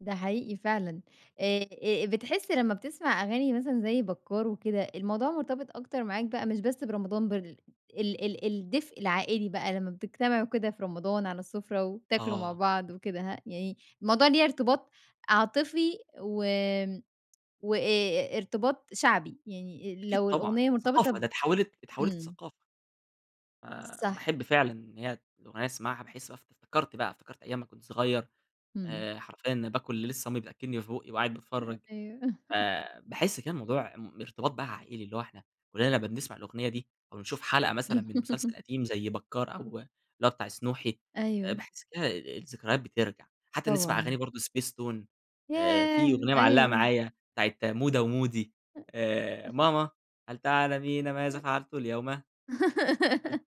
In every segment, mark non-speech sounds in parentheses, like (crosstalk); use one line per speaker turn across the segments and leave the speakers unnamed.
ده حقيقي فعلًا. آآ آآ بتحس لما بتسمع أغاني مثلًا زي بكار وكده، الموضوع مرتبط أكتر معاك بقى مش بس برمضان بال ال ال الدفء العائلي بقى، لما بتجتمعوا كده في رمضان على السفرة وتاكلوا مع
آه.
بعض وكده، ه يعني الموضوع ليه ارتباط عاطفي، و وأ ارتباط شعبي، يعني
أكيد
لو
طبعًا،
الأغنية مرتبطة
ثقافة
ب
ده اتحوِّلت اتحوِّلت
إمم.
لثقافة. آه
صح.
باحب فعلًا إن هي ت الأغنية اسمعها باحس اف افتكرت بقى افتكرت أيام ما كنت صغير
إمم.
آآ، حرفيًا باكُل لسه أمي بتأكلني في بُقّي وقاعد
أ
باتفرج
أيوه. (laughs)
آآ، باحس كان الموضوع م ارتباط بقى عائلى، اللي هو إحنا كلنا لمّا بنسمع الأغنية دي أو بنشوف حلقة مثلًا من مسلسل
(laughs)
قديم زي بكار أو اللي هو بتاع سنوحي آآ،
أيوه.
باحس كده الذكريات بترجع حتى نسمع أغاني
طبعًا.
برضه spacetoon آآ، في
ياه!
أغنية معلقة
أيوه.
معايا بتاعة مودة ومودي آآ، ماما هل تعلمين ماذا فعلت اليوم؟ هل
(unintelligible)
ت
(laughs)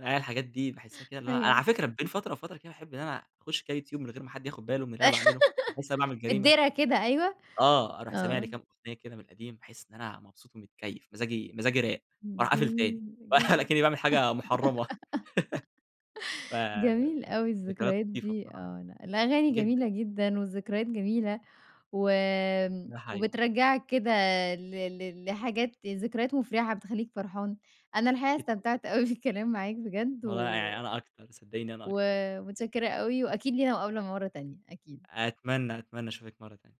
آه، هي الحاجات دي باحسها كده اللي هو أنا على
أيوه.
فكرة بين فترة وفترة كده باحب إن أنا أخش كده يوتيوب من غير ما حد ياخد باله من اللي أنا باعمله، حاسس إن أنا
(giggles)
باعمل
في
جريمة
الدِرَا كده، أيوه.
آه، أروح سامع لي
آه.
كده كام أغنية من القديم باحس إن أنا مبسوط ومتكيف مزاجي مزاجي راق،
امم،
وأروح قافل
جميل،
تاني ولا
جمي
أكنّي باعمل حاجة محرمة.
(laughs) جميل
(chuckles)
أوي
فذكريات
الذكريات
لطيفة
دي
بصراحة.
آه ن الأغاني
جدًا.
جميلة جدًا، والذكريات جميلة و
ده حقيقي.
وبترجعك كده ل ل لحاجات ذكريات مفرحة بتخليك فرحان، أنا الحقيقة
أكيد طبعًا.
استمتعت أوي بالكلام معاك بجد
والله
و
يعني أنا أكتر. صدّقيني أنا
و
أكتر.
متشكرة أوي وأكيد لينا مقابلة مرة تانية أكيد.
أتمنى أتمنى أشوفِك مرة تانية.